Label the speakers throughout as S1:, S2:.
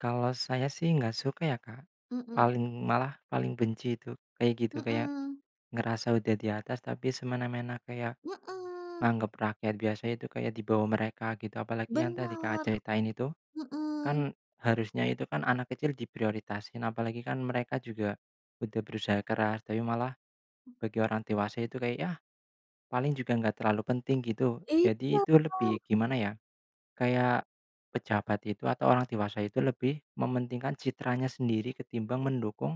S1: Kalau saya sih enggak suka ya, Kak.
S2: Mhm.
S1: Paling, malah paling benci itu kayak gitu. Kayak
S2: Mhm.
S1: ngerasa udah di atas tapi semena-mena, kayak
S2: Mhm.
S1: nganggap rakyat biasa itu di bawah mereka gitu, apalagi yang tadi Kakak
S2: Bener.
S1: ceritain itu. Kan,
S2: Mhm.
S1: harusnya itu kan anak kecil diprioritasin, apalagi mereka juga udah berusaha keras, tapi malah bagi orang dewasa itu kayak yah, paling juga enggak terlalu penting gitu.
S2: Iya,
S1: Jadi itu
S2: Kak.
S1: lebih gimana ya, kayak pejabat itu atau orang dewasa itu lebih mementingkan citranya sendiri ketimbang mendukung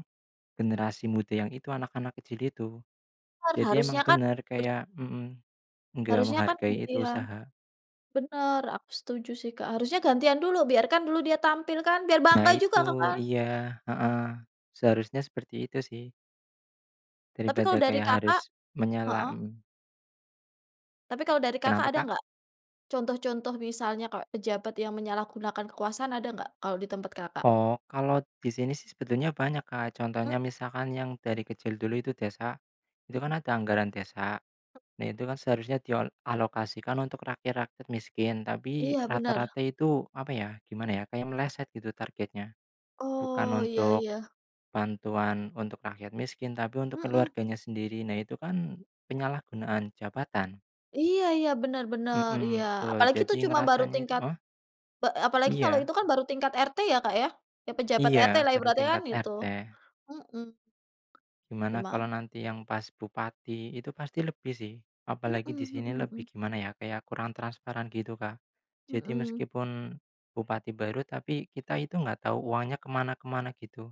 S1: generasi muda, yang itu anak-anak kecil itu.
S2: Kan
S1: Jadi
S2: harusnya
S1: emang
S2: kan,
S1: benar,
S2: bert
S1: kayak mhm, enggak
S2: Harusnya kan
S1: menghargai itu
S2: gantian,
S1: usaha.
S2: benar aku setuju sih, Kak, harusnya gantian dulu, biarkan dulu dia tampil kan biar
S1: Nah,
S2: bangga juga,
S1: itu,
S2: Kak, kan.
S1: iya heeh seharusnya seperti itu sih.
S2: Tapi kalau
S1: Daripada
S2: dari
S1: kayak
S2: Kakak
S1: harus
S2: heeh.
S1: menyelam.
S2: Tapi kalau dari Kakak
S1: Kenapa,
S2: ada
S1: Kak?
S2: enggak? Contoh-contoh misalnya kayak pejabat yang menyalahgunakan kekuasaan ada enggak, kalau di tempat Kakak?
S1: Oh, kalau di sini sih sebetulnya banyak, Kak. Contohnya,
S2: Heeh.
S1: misalkan yang dari kecil dulu itu desa, itu
S2: Hmm.
S1: kan ada anggaran desa.
S2: Hmm
S1: Nah, itu kan seharusnya diol dialokasikan untuk rakyat miskin, tapi
S2: Iya benar.
S1: rata-rata itu, apa ya, gimana ya, kayak meleset targetnya. Bukan
S2: Oh iya
S1: untuk
S2: iya.
S1: bantuan untuk rakyat miskin, tapi untuk
S2: Mhm.
S1: keluarganya sendiri. Nah, itu kan penyalahgunaan jabatan.
S2: Iya iya benar-benar iya
S1: Mhm betul.
S2: apalagi itu
S1: Jadi
S2: cuma baru
S1: ngerasanya itu.
S2: tingkat
S1: Heh?
S2: pe apalagi kalau
S1: Iya.
S2: itu kan baru tingkat RT ya Kak ya? Ya pejabat
S1: Iya
S2: RT lah
S1: baru
S2: ibaratnya kan
S1: tingkat RT.
S2: itu-heeh.
S1: Gimana
S2: Gima
S1: kalau nanti yang pas bupati itu pasti lebih sih,
S2: Mhm
S1: apalagi di sini
S2: mhm
S1: lebih
S2: mhm.
S1: gimana ya? Kayak kurang transparan gitu, Kak. Jadi
S2: Mhm.
S1: meskipun bupati baru tapi kita itu enggak tahu uangnya ke mana ke mana gitu.